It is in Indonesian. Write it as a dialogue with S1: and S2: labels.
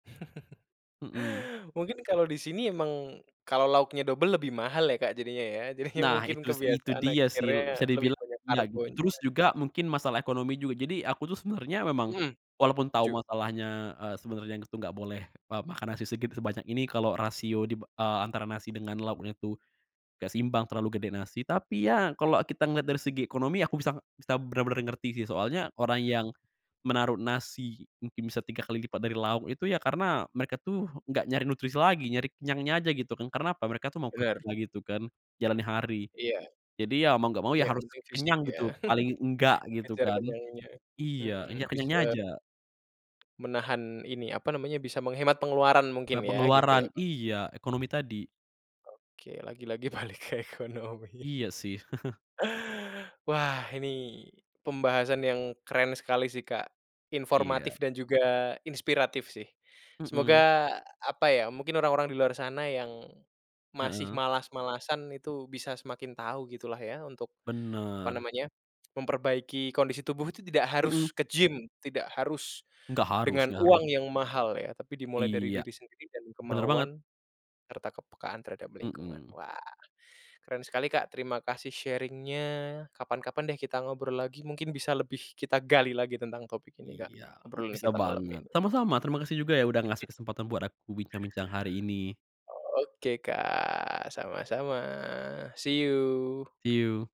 S1: Mhm.
S2: Mungkin kalau di sini emang kalau lauknya double lebih mahal ya, Kak jadinya ya. Jadinya
S1: Nah
S2: mungkin
S1: itu sih itu
S2: kebiasaan
S1: dia sih,
S2: akhirnya
S1: bisa
S2: lebih
S1: dibilang
S2: banyak
S1: ya gitu,
S2: karbonya.
S1: terus juga mungkin masalah ekonomi juga. Jadi, aku tuh sebenernya memang,
S2: Mhm.
S1: walaupun tau
S2: Setuju.
S1: masalahnya, eee, sebenernya yang itu gak boleh, eee, makan nasi segitu sebanyak ini kalo rasio dib eee, antara nasi dengan lauknya tuh gak seimbang, terlalu gede nasi. Tapi ya kalo kita ngeliat dari segi ekonomi, aku bisa bisa bener-bener ngerti sih. Soalnya orang yang menaruh nasi, mungkin bisa 3 kali lipat dari lauk itu ya karena mereka tuh gak nyari nutrisi lagi, nyari kenyangnya aja gitu kan. Karena apa? Mereka tuh mau
S2: Benar.
S1: kerja gitu kan, jalani hari.
S2: Iya.
S1: Jadi, ya mau gak mau
S2: Iya,
S1: ya harus
S2: penting fisik
S1: kenyang
S2: ya.
S1: gitu, paling enggak gitu
S2: Dikejar
S1: kan.
S2: kenyangnya.
S1: Iya, hanya
S2: Mhm,
S1: kenyangnya
S2: bisa
S1: aja.
S2: menahan ini, apa namanya, bisa menghemat pengeluaran mungkin
S1: Eee,
S2: ya, gitu ya.
S1: pengeluaran iya, ekonomi tadi.
S2: Oke, lagi-lagi balik ke ekonomi.
S1: Iya, sih.
S2: Wah ini pembahasan yang keren sekali sih, Kak. Informatif
S1: Iya.
S2: dan juga inspiratif sih.
S1: Mhm.
S2: Semoga apa ya, mungkin orang-orang di luar sana yang masih
S1: Heeh.
S2: malas-malasan itu bisa semakin tahu gitulah ya untuk apa
S1: Bener.
S2: namanya, memperbaiki kondisi tubuh itu tidak
S1: Mhm.
S2: harus ke gym, tidak harus
S1: Nggak harus
S2: dengan
S1: nggak harus.
S2: uang yang mahal ya, tapi dimulai dari
S1: Iya,
S2: diri sendiri dan
S1: bener banget.
S2: kemauan, serta kepekaan terhadap lingkungan.
S1: Mhm.
S2: Wah keren sekali Kak, terima kasih sharing-nya, kapan-kapan deh kita ngobrol lagi, mungkin bisa lebih kita gali lagi tentang topik ini, Kak.
S1: Iya,
S2: Obrolan
S1: bisa
S2: kita malam
S1: banget.
S2: ini.
S1: Sama-sama, terima kasih juga ya udah ngasih kesempatan buat aku bincang-bincang hari ini.
S2: Oke, Kak. Sama-sama, see you.
S1: See you.